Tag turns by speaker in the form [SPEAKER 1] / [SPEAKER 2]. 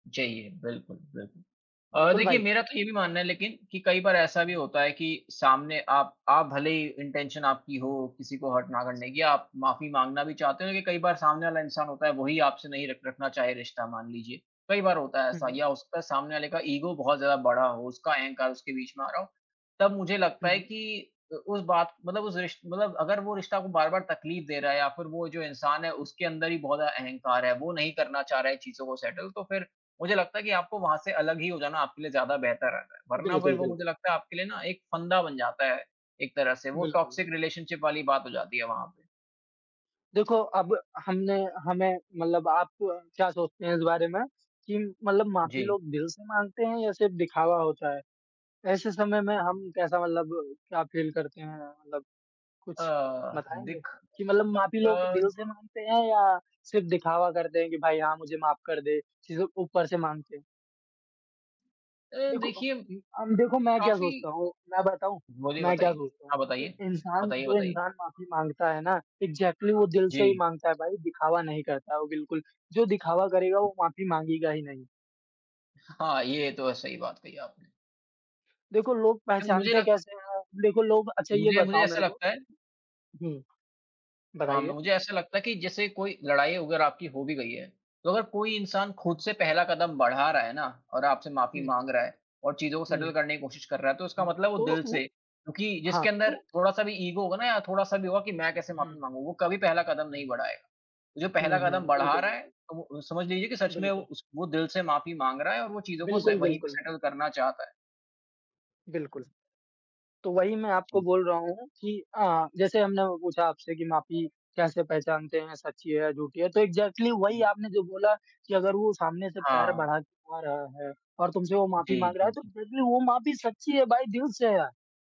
[SPEAKER 1] चाहिए, बिल्कुल, बिल्कुल। अ,
[SPEAKER 2] बिल्कुल
[SPEAKER 1] देखिए
[SPEAKER 2] भाई।
[SPEAKER 1] मेरा तो ये भी मानना है लेकिन कि कई बार ऐसा भी
[SPEAKER 2] हुँ।
[SPEAKER 1] होता है कि सामने आप आप भले ही इंटेंशन आपकी हो किसी को हर्ट ना करने की, आप माफी माँगना भी चाहते हों लेकिन कई बार सामने वाला इंसान होता है, वो ही आपसे नहीं रख रखना चाहे रिश्ता, मान लीजिए, कई बार होता है
[SPEAKER 2] हुँ,
[SPEAKER 1] ऐसा
[SPEAKER 2] हुँ।
[SPEAKER 1] या उसका सामने वाले का ईगो बहुत ज़्यादा बड़ा हो, उसका अहंकार उसके बीच में आ रहा हो। तब मुझे लगता है
[SPEAKER 2] हुँ।
[SPEAKER 1] कि अ, उस बात मतलब उस रिश्त मतलब अगर वो रिश्ता आपको बार-बार तकलीफ़ दे रहा है या फिर वो जो इंसान है उसके अंदर ही बहुत ज़्यादा अहंकार है, वो नहीं करना चाह रहा है चीज़ों को सेटल तो फिर मुझे लगता है कि आपको वहाँ से अलग ही हो जाना आपके लिए ज़्यादा बेहतर रहता है। वरना फिर
[SPEAKER 2] बिल्कुल,
[SPEAKER 1] वो
[SPEAKER 2] बिल्कुल।
[SPEAKER 1] मुझे लगता है आपके लिए ना एक फंदा बन जाता है, एक तरह से वो
[SPEAKER 2] बिल्कुल,
[SPEAKER 1] टॉक्सिक
[SPEAKER 2] बिल्कुल।
[SPEAKER 1] रिलेशनशिप वाली बात हो जाती है वहाँ पे।
[SPEAKER 2] देखो अब हमने हमें मतलब आप क्या सोचते हैं इस बारे में कि मतलब माफी
[SPEAKER 1] जी।
[SPEAKER 2] लोग दिल से माँगते हैं या सिर्फ़ दिखावा होता है? ऐसे समय में हम कैसा मतलब क्या फ़ील करते हैं? मतलब
[SPEAKER 1] अ,
[SPEAKER 2] कुछ बताएँगे
[SPEAKER 1] दिख
[SPEAKER 2] कि मतलब माफ़ी
[SPEAKER 1] अ
[SPEAKER 2] लोग दिल से माँगते हैं या सिर्फ़ दिखावा करते हैं कि भाई हाँ, मुझे माफ़ कर दे, सिर्फ़ ऊपर से माँगते हैं।
[SPEAKER 1] अ,
[SPEAKER 2] देखो
[SPEAKER 1] देखिए,
[SPEAKER 2] उ अम, देखो मैं क्या
[SPEAKER 1] काफ़ी
[SPEAKER 2] सोचता हूँ, मैं बताऊँ?
[SPEAKER 1] बोलिए
[SPEAKER 2] मैं क्या
[SPEAKER 1] बताइए।
[SPEAKER 2] सोचता हूँ
[SPEAKER 1] हाँ,
[SPEAKER 2] कि
[SPEAKER 1] बताइए।
[SPEAKER 2] इंसान
[SPEAKER 1] बताइए,
[SPEAKER 2] जो
[SPEAKER 1] बताइए।
[SPEAKER 2] इंसान माफ़ी माँगता है ना इग्ज़ैक्टली वो दिल से ही
[SPEAKER 1] जी।
[SPEAKER 2] माँगता है भाई, दिखावा नहीं करता वो बिल्कुल। जो दिखावा करेगा वो माफी माँगेगा ही नहीं।
[SPEAKER 1] हाँ, ये तो है, सही बात कही आपने।
[SPEAKER 2] देखो लोग
[SPEAKER 1] अ, मुझे
[SPEAKER 2] पहचानते
[SPEAKER 1] लग
[SPEAKER 2] कैसे हैं? देखो लोग अच्छा, ये
[SPEAKER 1] मुझे मुझे
[SPEAKER 2] बताओ
[SPEAKER 1] ऐसा
[SPEAKER 2] मेरे को
[SPEAKER 1] लगता है
[SPEAKER 2] हुँ,
[SPEAKER 1] हाँ, म
[SPEAKER 2] बताइए।
[SPEAKER 1] मुझे ऐसा लगता है कि जैसे कोई लड़ाई वग़ैरह आपकी हो भी गई है तो अगर कोई इंसान खुद
[SPEAKER 2] हुँ।
[SPEAKER 1] से पहला कदम बढ़ा रहा है ना और आपसे माफ़ी
[SPEAKER 2] हुँ।
[SPEAKER 1] माँग रहा है और चीज़ों को
[SPEAKER 2] जी।
[SPEAKER 1] सेटल करने की कोशिश कर रहा है तो उसका
[SPEAKER 2] हुँ,
[SPEAKER 1] मतलब वो
[SPEAKER 2] तो
[SPEAKER 1] दिल
[SPEAKER 2] उ
[SPEAKER 1] से क्योंकि
[SPEAKER 2] हाँ,
[SPEAKER 1] जिसके अंदर
[SPEAKER 2] तो
[SPEAKER 1] थोड़ा-सा भी ईगो होगा ना या थोड़ा-सा भी होगा कि मैं
[SPEAKER 2] उ,
[SPEAKER 1] कैसे माफ़ी
[SPEAKER 2] हुँ।
[SPEAKER 1] माँगू, वो कभी पहला कदम नहीं बढ़ाएगा। जो
[SPEAKER 2] हुँ,
[SPEAKER 1] पहला
[SPEAKER 2] हुँ।
[SPEAKER 1] कदम बढ़ा
[SPEAKER 2] बिल्कुल,
[SPEAKER 1] रहा है,
[SPEAKER 2] बिल्कुल।
[SPEAKER 1] तो वो समझ लीजिए कि सच में
[SPEAKER 2] बिल्कुल।
[SPEAKER 1] उस वो दिल से माफी माँग रहा है और वो चीज़ों को से
[SPEAKER 2] बिल्कुल,
[SPEAKER 1] वहीं पे
[SPEAKER 2] बिल्कुल।
[SPEAKER 1] सेटल करना चाहता है।
[SPEAKER 2] बिल्कुल। तो वही मैं आपको
[SPEAKER 1] ज़ी।
[SPEAKER 2] बोल रहा हूँ कि अ, जैसे हमने वो पूछा आपसे कि माफ़ी कैसे पहचानते हैं, सच्ची है या झूठी है? तो इग्ज़ैक्टली वही
[SPEAKER 1] उह
[SPEAKER 2] आपने जो बोला कि अगर वो सामने से पैर
[SPEAKER 1] हाँ।
[SPEAKER 2] बढ़ा के आ रहा है और तुमसे वो माफ़ी
[SPEAKER 1] जी,
[SPEAKER 2] माँग रहा है
[SPEAKER 1] जी,
[SPEAKER 2] तो
[SPEAKER 1] जी।
[SPEAKER 2] डेफिनिटली वो माफ़ी सच्ची है भाई दिल से है।